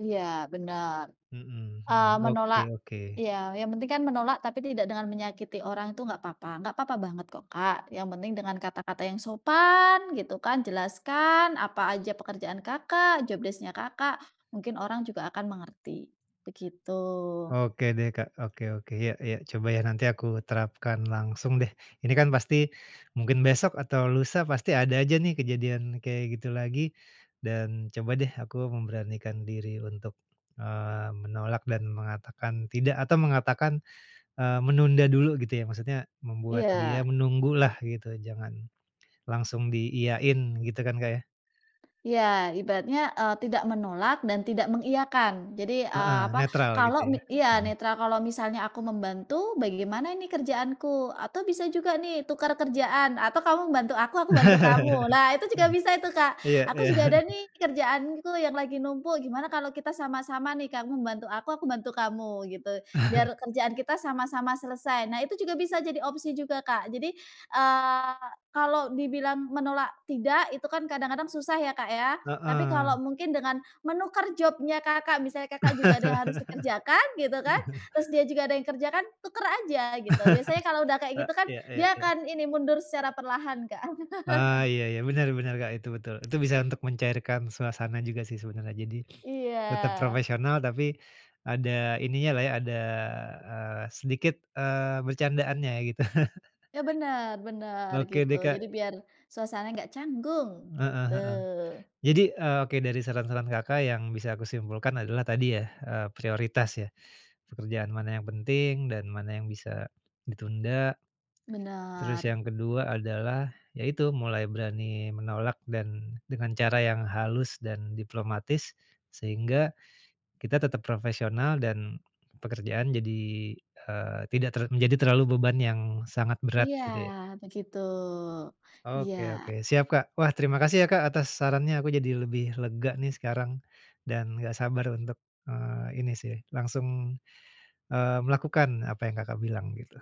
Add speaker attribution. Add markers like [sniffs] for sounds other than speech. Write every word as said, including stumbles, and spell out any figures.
Speaker 1: Iya, benar.
Speaker 2: Mhm
Speaker 1: Eee,
Speaker 2: mhm, oke
Speaker 1: menolak
Speaker 2: oke.
Speaker 1: iya, yang penting kan menolak tapi tidak dengan menyakiti orang itu gak papa, gak papa banget kok Kak, yang penting dengan kata-kata yang sopan gitu kan. Jelaskan apa aja pekerjaan Kakak, job desc-nya Kakak, mungkin orang juga akan mengerti, begitu.
Speaker 2: Oke deh Kak, oke oke, iya iya, coba ya nanti aku terapkan langsung deh. Ini kan pasti mungkin besok atau lusa pasti ada aja nih kejadian kayak gitu lagi, dan coba deh aku memberanikan diri untuk, eee, menolak dan mengatakan tidak, atau mengatakan, eee, menunda dulu gitu ya, maksudnya membuat dia
Speaker 1: Iya.
Speaker 2: menunggu lah gitu jangan langsung diiyain, gitu kan Kak ya.
Speaker 1: Iya, ibaratnya, eee, tidak menolak dan tidak mengiyakan, jadi, eee,
Speaker 2: Heeh,
Speaker 1: apa,
Speaker 2: netral gitu
Speaker 1: kalau mi
Speaker 2: ya.
Speaker 1: iya, netral, "Kalau misalnya aku membantu, bagaimana ini kerjaanku?" Atau bisa juga nih tuker kerjaan, "Atau kamu bantu aku, aku bantu kamu."
Speaker 2: [chuckles]
Speaker 1: Lah itu juga bisa itu Kak,
Speaker 2: Iya
Speaker 1: "Aku juga
Speaker 2: iya.
Speaker 1: ada nih kerjaanku yang lagi numpuk, gimana kalau kita sama-sama nih, kamu bantu aku, aku bantu kamu gitu? Biar
Speaker 2: [chuckles]
Speaker 1: kerjaan kita sama-sama selesai," nah itu juga bisa jadi opsi juga Kak. Jadi, eee, kalau dibilang menolak tidak itu kan kadang-kadang susah ya, Kak, ya. Tapi
Speaker 2: Heeh.
Speaker 1: kalau mungkin dengan menukar job-nya Kakak, misalnya Kakak juga ada yang harus dikerjakan gitu kan,
Speaker 2: [laughs]
Speaker 1: terus dia juga ada yang kerja kan, tuker aja gitu. Biasanya kalau udah
Speaker 2: [chuckles]
Speaker 1: kayak
Speaker 2: Eee,
Speaker 1: gitu kan
Speaker 2: iya iya
Speaker 1: dia
Speaker 2: iya.
Speaker 1: akan ini, mundur secara perlahan Kak.
Speaker 2: Eee, iya iya,
Speaker 1: [chuckles]
Speaker 2: benar benar Kak itu, betul. Itu bisa untuk mencairkan suasana juga sih sebenarnya, jadi [sniffs] tetap
Speaker 1: Iya.
Speaker 2: profesional tapi ada ininya lah ya, ada, eee, sedikit, eee, bercandaannya ya gitu. [chuckles]
Speaker 1: Ya, benar benar,
Speaker 2: Oke
Speaker 1: gitu.
Speaker 2: deh,
Speaker 1: Jadi
Speaker 2: Kak.
Speaker 1: biar suasana gak canggung,
Speaker 2: Heeh
Speaker 1: gitu.
Speaker 2: heeh. Jadi, eee, oke, dari saran-saran Kakak yang bisa aku simpulkan adalah tadi ya, eee, prioritas ya, pekerjaan mana yang penting dan mana yang bisa ditunda, terus
Speaker 1: Benar.
Speaker 2: yang kedua adalah yaitu mulai berani menolak dan dengan cara yang halus dan diplomatis, sehingga kita tetap profesional dan pekerjaan jadi, eee, tidak ter menjadi terlalu beban yang sangat berat
Speaker 1: Iya,
Speaker 2: gitu ya Kak.
Speaker 1: begitu.
Speaker 2: Oke oke,
Speaker 1: Iya.
Speaker 2: siap Kak. Wah, terima kasih ya Kak atas sarannya, aku jadi lebih lega nih sekarang dan gak sabar untuk, eee, ini sih langsung, eee, melakukan apa yang Kakak bilang gitu.